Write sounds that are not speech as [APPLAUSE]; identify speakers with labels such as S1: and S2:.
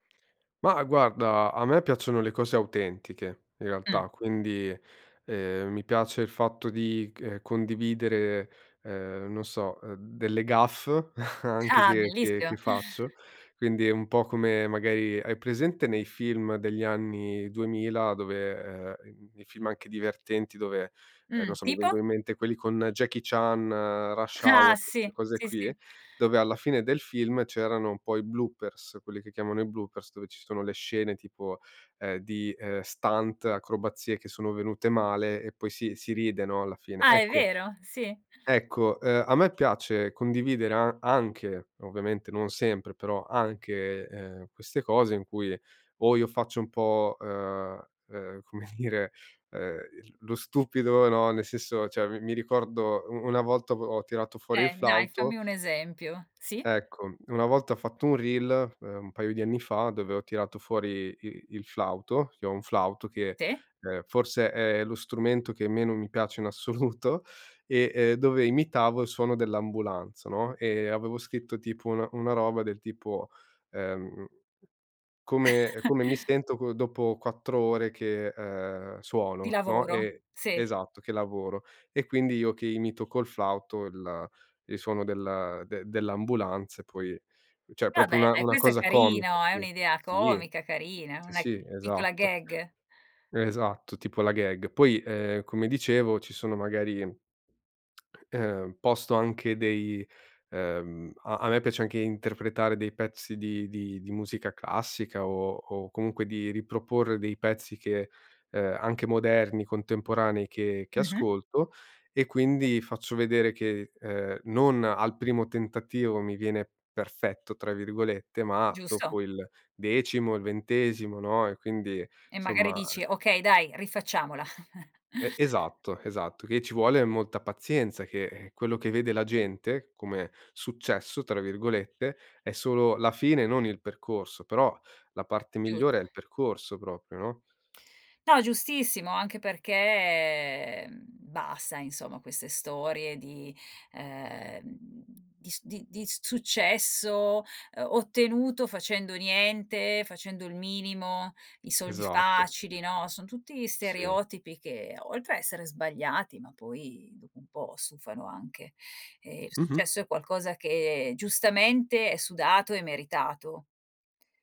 S1: Ma guarda a me piacciono le cose autentiche in
S2: Mh.
S1: realtà, quindi, ehm, mi piace il fatto di c ehm, condividere, ehm, non so, ehm, delle gaffe [CHUCKLES] anche
S2: Ah
S1: che che che
S2: bellissimo.
S1: faccio; quindi è un po' come magari, hai presente nei film degli anni 2000 dove, ehm, n n nei film anche divertenti dove, non
S2: Mh.
S1: so, ehm, mi
S2: Tipo?
S1: vengono in mente quelli con Jackie Chan, Rush
S2: Ah.
S1: Hour, queste
S2: Sì,
S1: cose
S2: sì,
S1: qui,
S2: sì.
S1: dove alla fine del film c'erano poi bloopers, quelli che chiamano i bloopers, dove ci sono le scene tipo, ehm, di, ehm, stunt, acrobazie che sono venute male e poi si si ride no alla fine.
S2: Ah. È
S1: Ecco
S2: vero, sì.
S1: ecco, uhm, a me piace condividere a anche, ovviamente non sempre, però anche, ehm, queste cose in cui o io faccio un po', uhm uhm, come dire, uhm, l lo stupido, no, nel senso cioè mi mi ricordo u una volta ho tirato fuori il
S2: Eh dai,
S1: flauto
S2: fammi un esempio, sì?
S1: Ecco, una volta ho fatto un reel, ehm, un paio di anni fa, dove ho tirato fuori i il flauto, che ho un flauto che,
S2: Sì.
S1: ehm, forse è lo strumento che meno mi piace in assoluto e, ehm, dove imitavo il suono dell'ambulanza, no, e avevo scritto tipo una una roba del tipo, uhm "come ehm,
S2: [CHUCKLES]
S1: come mi sento co dopo 4 ore che, uhm,
S2: Di
S1: suono", no.
S2: lavoro,
S1: E
S2: sì.
S1: esatto, che lavoro. E quindi io che imito col flauto il il suono del de dell'ambulanza e poi cioè
S2: Va
S1: proprio una
S2: bene,
S1: una
S2: questo è
S1: cosa comica
S2: carino, è
S1: sì.
S2: un'idea
S1: Sì eh.
S2: comica, carina,
S1: Sì,
S2: una
S1: sì
S2: piccola
S1: esatto.
S2: gag.
S1: Esatto, tipo la gag. Poi, uhm, come dicevo ci sono magari [SMACKS LIPS] uhm, posto anche dei uhm, a a me piace anche interpretare dei pezzi di di di musica classica o o comunque di riproporre dei pezzi che, uhm, anche moderni, contemporanei che che
S2: Mh-mh.
S1: ascolto, e quindi faccio vedere che, ehm, non al primo tentativo mi viene "perfetto", tra virgolette, ma
S2: Giusto.
S1: dopo il decimo, il ventesimo, no; e quindi
S2: E magari
S1: somma
S2: dici:
S1: e
S2: "Okay dai, rifacciamola". [CHUCKLES]
S1: E esatto, esatto, che ci vuole molta pazienza, che, ehm, quello che vede la gente, come "successo", tra virgolette, è solo la fine, non il percorso; però la parte
S2: Giusto.
S1: migliore è il percorso proprio, no?
S2: No, giustissimo, anche perché, mhmm, basta insomma queste storie di, ehm, di s di di s successo, ehm, ottenuto facendo niente, facendo il minimo, i soldi
S1: Esatto.
S2: facili, no, son tutti
S1: Sì.
S2: stereotipi che, oltre a essere sbagliati, ma poi dopo un po' stufano anche. Ehm, il
S1: Mh-mh.
S2: successo è qualcosa che giustamente è sudato e meritato.